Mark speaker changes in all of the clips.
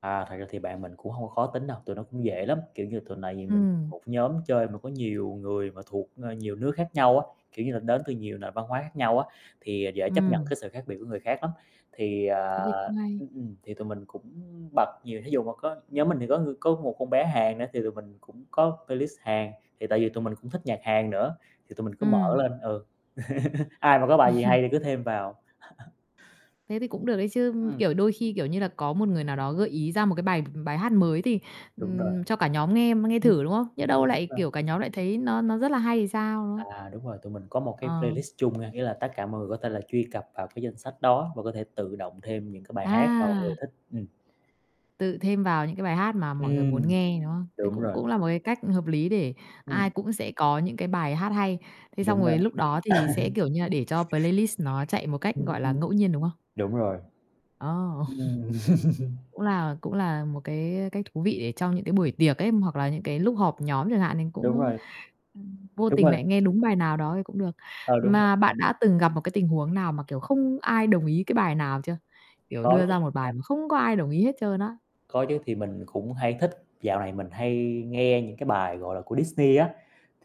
Speaker 1: À, thật ra thì bạn mình cũng hông có khó tính đâu, tụi nó cũng dễ lắm, kiểu như, tụi này vì mình
Speaker 2: Ừm.
Speaker 1: một nhóm chơi mà có nhiều người mà thuộc, ơ, nhiều nước khác nhau á, kiểu như là, đến từ nhiều nền văn hóa khác nhau á, thì, ờ, dễ chấp nhận
Speaker 2: Ừm.
Speaker 1: cái sự khác biệt của người khác lắm. Thì,
Speaker 2: Thế
Speaker 1: à
Speaker 2: thì cũng hay.
Speaker 1: ừm, ừm, thì tụi mình cũng bật nhiều, thí dụ mà có nhóm mình thì có ng có một con bé Hàn nữa, thì tụi mình cũng có playlist Hàn, thì tại vì tụi mình cũng thích nhạc Hàn nữa, thì tụi mình cứ mở
Speaker 2: Ừm.
Speaker 1: lên, ừ. Ai mà có bài gì hay thì cứ thêm vào.
Speaker 2: Thế thì cũng được đấy chứ,
Speaker 1: Ừm.
Speaker 2: kiểu, đôi khi, kiểu như là, có một người nào đó gợi ý ra một cái bài bài hát mới thì
Speaker 1: Đúng rồi.
Speaker 2: ừm, cho cả nhóm nghe m nghe
Speaker 1: [unintelligible]
Speaker 2: thử, đúng không? Nhỡ
Speaker 1: Ừm, ừm,
Speaker 2: đâu
Speaker 1: nhưng
Speaker 2: lại,
Speaker 1: mà
Speaker 2: kiểu, cả nhóm lại thấy nó nó rất là hay thì sao, đúng không?
Speaker 1: À, đúng rồi. Tụi mình có một cái
Speaker 2: Ờ.
Speaker 1: playlist chung nghe, nghĩa là tất cả mọi người có thể là truy cập vào cái danh sách đó, và có thể tự động thêm những cái bài hát mà mọi người
Speaker 2: À!
Speaker 1: thích, ừm.
Speaker 2: Tự thêm vào những cái bài hát mà mọi người
Speaker 1: Ừm,
Speaker 2: muốn nghe, đúng không? Thế
Speaker 1: đúng
Speaker 2: cũng
Speaker 1: rồi.
Speaker 2: cũng là một cái cách hợp lý để ai
Speaker 1: Ừm.
Speaker 2: cũng sẽ có những cái bài hát hay. Thế xong
Speaker 1: Đúng đó.
Speaker 2: rồi lúc đó thì sẽ, kiểu như là, để cho playlist nó chạy một cách,
Speaker 1: Ừm,
Speaker 2: gọi là,
Speaker 1: ừm,
Speaker 2: ngẫu nhiên, đúng không?
Speaker 1: đúng rồi.
Speaker 2: Ô!
Speaker 1: Ừm.
Speaker 2: Cũng là cũng là một cái, ơ, cách thú vị để cho những cái buổi tiệc ấy, hoặc là những cái lúc họp nhóm chẳng hạn, nên
Speaker 1: Đúng
Speaker 2: cũng
Speaker 1: rồi.
Speaker 2: vô
Speaker 1: Đúng
Speaker 2: tình
Speaker 1: rồi.
Speaker 2: lại nghe đúng bài nào đó thì cũng được.
Speaker 1: Ờ, đúng rồi.
Speaker 2: Mà bạn đã từng gặp một cái tình huống nào mà, kiểu, không ai đồng ý cái bài nào chưa? Kiểu,
Speaker 1: Có
Speaker 2: đưa
Speaker 1: chứ.
Speaker 2: ra một bài mà không có ai đồng ý hết trơn á.
Speaker 1: Có chứ. Thì mình cũng hay thích dạo này mình hay nghe những cái bài, gọi là, của Disney á,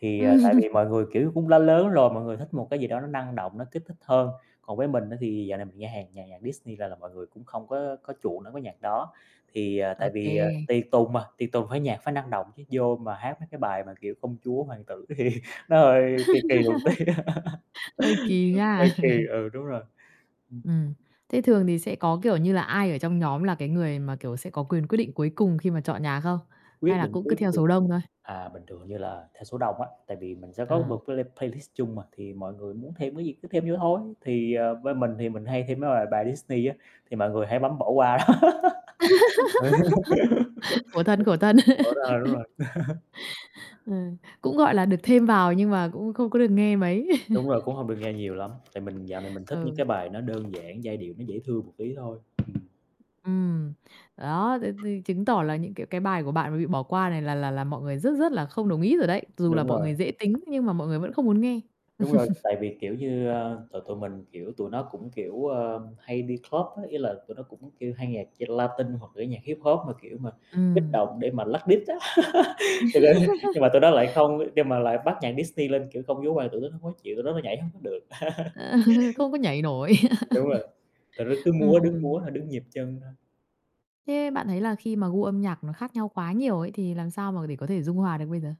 Speaker 1: thì, à, tại vì mọi người, kiểu, cũng đã lớn rồi, mọi người thích một cái gì đó nó năng động, nó kích thích hơn. Còn với mình á, thì dạo này mình nghe Hàn nhạc nhạc Disney là là mọi người cũng không có có chuộng đối với nhạc đó. Thì, à,
Speaker 2: Ô
Speaker 1: tại vì, à,
Speaker 2: kê.
Speaker 1: tiệc tùng mà, tiệc tùng phải nhạc phải năng động chứ, vô mà hát mấy cái bài mà kiểu công chúa, hoàng tử thì nó hơi kỳ kỳ một tí, nên
Speaker 2: Hơi kỳ
Speaker 1: cũng
Speaker 2: nha.
Speaker 1: hơi kỳ. Ừ, đúng rồi, ừm.
Speaker 2: Ừm. Thế thường thì sẽ có, kiểu như là, ai ở trong nhóm là cái người mà, kiểu, sẽ có quyền quyết định cuối cùng khi mà chọn nhạc không? Hay
Speaker 1: Quyết
Speaker 2: là
Speaker 1: định
Speaker 2: cũng cứ
Speaker 1: cuối
Speaker 2: theo
Speaker 1: cùng,
Speaker 2: số đông thôi?
Speaker 1: à, bình thường hình như là theo số đông á. Tại vì mình sẽ có
Speaker 2: À.
Speaker 1: một cái play playlist chung mà, thì mọi người muốn thêm cái gì cứ thêm vô thôi. Thì, ờ, bên mình thì mình hay thêm mấy bài bài Disney á, thì mọi người hay bấm bỏ qua.
Speaker 2: Khổ
Speaker 1: Ừ,
Speaker 2: thân, khổ thân.
Speaker 1: bỏ ra ờ, đúng rồi.
Speaker 2: Ừm, cũng, gọi là, được thêm vào, nhưng mà cũng không có được nghe mấy.
Speaker 1: Đúng rồi, cũng hông được nghe nhiều lắm. Tại mình dạo này mình thích những
Speaker 2: Ừ.
Speaker 1: cái bài nó đơn giản, giai điệu nó dễ thương một tí thôi. Ừm.
Speaker 2: Ừm. Đó, thế thì chứng tỏ là những, kiểu, cái bài của bạn mà bị bỏ qua này là là là mọi người rất rất là không đồng ý rồi đấy, dù là
Speaker 1: Đúng
Speaker 2: mọi
Speaker 1: rồi.
Speaker 2: người dễ tính nhưng mà mọi người vẫn không muốn nghe.
Speaker 1: Đúng rồi. Tại vì, kiểu như, ơ, tụi tụi mình kiểu, tụi nó cũng, kiểu, ơ, hay đi club á, ý là tụi nó cũng kêu hay nhạc chơi Latinh hoặc kiểu nhạc Hip-hop, mà, kiểu, mà kích
Speaker 2: Ừm.
Speaker 1: động để mà lắc đít á. Thật ra nhưng mà tụi nó lại không kiêu mà lại bắt nhạc Disney lên kiểu công chúa hoàng tử, tụi nó hông có chịu, tụi nó nói nhảy hông có được.
Speaker 2: Ờ, không có nhảy nổi.
Speaker 1: Đúng rồi. Tụi nó cứ múa
Speaker 2: Ừm,
Speaker 1: đứng
Speaker 2: ừm.
Speaker 1: múa thôi, đứng nhịp chân thôi.
Speaker 2: Thế bạn thấy là khi mà gu âm nhạc nó khác nhau quá nhiều ấy, thì làm sao mà để có thể dung hòa được bây giờ?